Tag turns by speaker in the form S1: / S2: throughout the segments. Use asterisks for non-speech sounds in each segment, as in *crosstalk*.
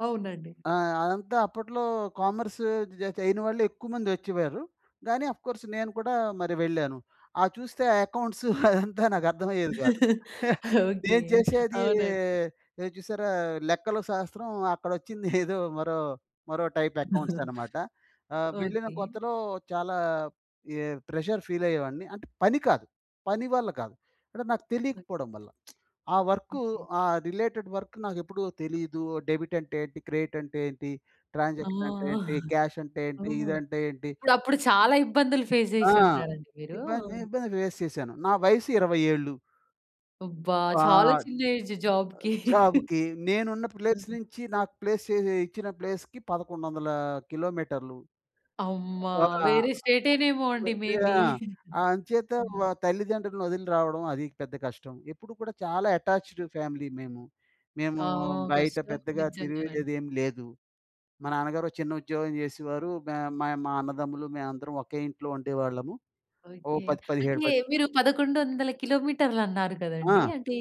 S1: అవునండి.
S2: ఆ! అదంతా అప్పట్లో కామర్స్ జ్ జ్ అయిన వాళ్ళే ఎక్కుమందొచ్చేవారు. గానీ అఫ్ కోర్స్ నేను కూడా మరి వెళ్ళాను. ఆ! చూస్తే ఆ అకౌంట్స్ *chuckles* అదంతా నాకర్థం అయ్యేది గాదు.
S1: *laughs*
S2: *chuckles*
S1: ఓకే.
S2: నేను చేసేది
S1: అవునండి.
S2: ఎ చూసారా లెక్కలో శాస్త్రం అక్కడొచ్చిందేదో *giggles* మరో, మరో టైప్ అకౌంట్స్
S1: *chuckles*
S2: అన్నమాట. ఆహ్, వెళ్ళిన
S1: ఓకే.
S2: కొత్తలో చాలా యే ప్రెషర్ ఫీల్ అయ్యేవాడిని. అంటే పని కాదు. పని వల్ల కాదు. అంటే నాకు తెలియకపోవడం వల్ల. *smacks lips* ఆ వర్కు
S1: ఓకే.
S2: ఆ రిలేటెడ్ వర్క్ నాకెప్పుడూ తెలీదు డెబిట్ అంటే ఏంటి, క్రెడిట్ అంటే ఏంటి,
S1: ఆ!
S2: ట్రాన్సాక్షన్ అంటే ఏంటి,
S1: *chuckles*
S2: క్యాష్ అంటే ఏంటి
S1: ఓహ్!
S2: ఇదంటే ఏంటి
S1: అప్పుడప్పుడు చాలా ఇబ్బందులు ఫేస్
S2: ఆ!
S1: చేసి ఉంటారండి మీరు. ఆ!
S2: ఇబ్బంది, ఇబ్బంది ఫేస్ చేశాను. నా వయసు 20 ఏళ్ళు.
S1: అబ్బా!
S2: ఆ!
S1: చాలా
S2: ఆహ్,
S1: చిన్న ఏజ్ జాబ్‌కి. *chuckles*
S2: జాబ్‌కి నేనున్న
S1: ఆ!
S2: ప్లేస్ నుంచి నాకు ప్లేసెసె ఇచ్చిన ప్లేస్‌కి 1100ల కిలోమీటర్‌లు.
S1: అమ్మ!
S2: వ ఆ!
S1: వేరే స్టేటేనేమొ
S2: వె
S1: అండి మే
S2: వె
S1: బీ.
S2: ఆ!
S1: *giggles*
S2: అంచేత
S1: ఆ!
S2: వ తల్లిదండ్రుల్ని ఒదిలి రావడం అది పెద్ద కష్టం. ఎప్పుడు కూడా చాలా అటాచ్‌డ్ ఫ్యామిలీ మేము. మేము
S1: ఆ!
S2: బయట
S1: కష్టం.
S2: పెద్దగా
S1: నిజంగానండి.
S2: తిరిగేదేం లేదు. మా నాన్నగారు చిన్న ఉద్యోగం జెసేవారు. మె మాయ్ మా అన్నదమ్ములు, మేమందరం ఒకే ఇంట్లో ఉండేవాళ్ళము. Oh
S1: okay.
S2: పది పదిహేడు
S1: అంటే
S2: పది
S1: మీరు 1100 కిలోమీటర్లన్నారు కదండీ!
S2: ఆ!
S1: అంటే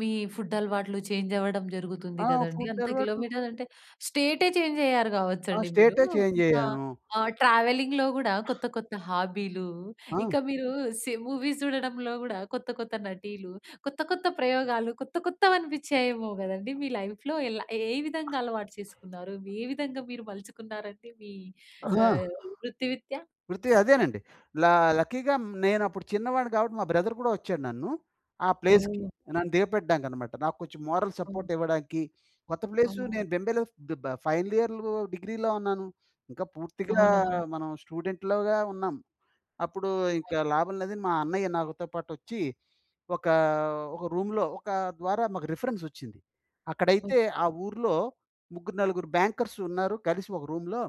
S1: మీ ఫుడ్ అలవాట్లు చేంజ్ అవ్వడం జరుగుతుంది
S2: ఆ!
S1: గదండీ.
S2: ఫుడ్
S1: అంత
S2: అలవాట్లు
S1: కిలోమీటర్లంటే స్టేటే చేంజ్ అయ్యారు
S2: ఆ!
S1: గావచ్చండి మీరు.
S2: స్టేటే చేంజ్
S1: ఆ!
S2: అయ్యాను.
S1: ఆ! ట్రావెలింగ్‌లో గూడా కొత్త, కొత్త హాబీలు,
S2: ఆ!
S1: ఇంకా మీరు సి మూవీస్ జూడడంలో కూడా కొత్త కొత్త నటీలు, కొత్త కొత్త ప్రయోగాలు, కొత్త కొత్తవనిపించాయేమో గదండీ మీ లైఫ్‌లో. ఏల ఏ విధంగా అలవాటు చేసుకున్నారు, మి ఏ విధంగా మీరు మలుచుకున్నారండి మీ
S2: ఆహా!
S1: ఆహ్, వృత్తి రీత్యా?
S2: వృత్తి అదేనండి. ల లక్కీగా నేనప్పుడు చిన్నవాడిని గాబట్టి మా బ్రదర్ గూడా ఒచ్చాడు నన్ను. ఆ ప్లేస్‌కి.
S1: ఓహ్! ఓకే.
S2: నన్ను దిగపెట్టడానికన్నమాట. నాకు కొంచెం మోరల్
S1: అవును.
S2: సపోర్ట్ ఇవ్వడానికి, కొత్త ప్లేసు
S1: ఓహ్!
S2: నేను బెంబేలో ఫ్ బ బ ఫైనల్ ఇయర్‌లో డిగ్రీలో ఉన్నాను. ఇంకా పూర్తిగా
S1: అవునవును.
S2: మనం స్టూడెంట్‌లోగా ఉన్నాం. అప్పుడు ఇంక
S1: అవునండి.
S2: లాభం లేదని మా అన్నయ్య నాగొతోపాటొచ్చి ఒక, ఒక రూమ్‌లో ఒక ద్వారా మాకు రిఫరెన్స్ ఒచ్చింది. అక్కడైతే ఆ
S1: ఓకే.
S2: ఊర్లో ముగ్గురు, నలుగురు బ్యాంకర్స్ ఉన్నారు కలిసొక రూమ్‌లో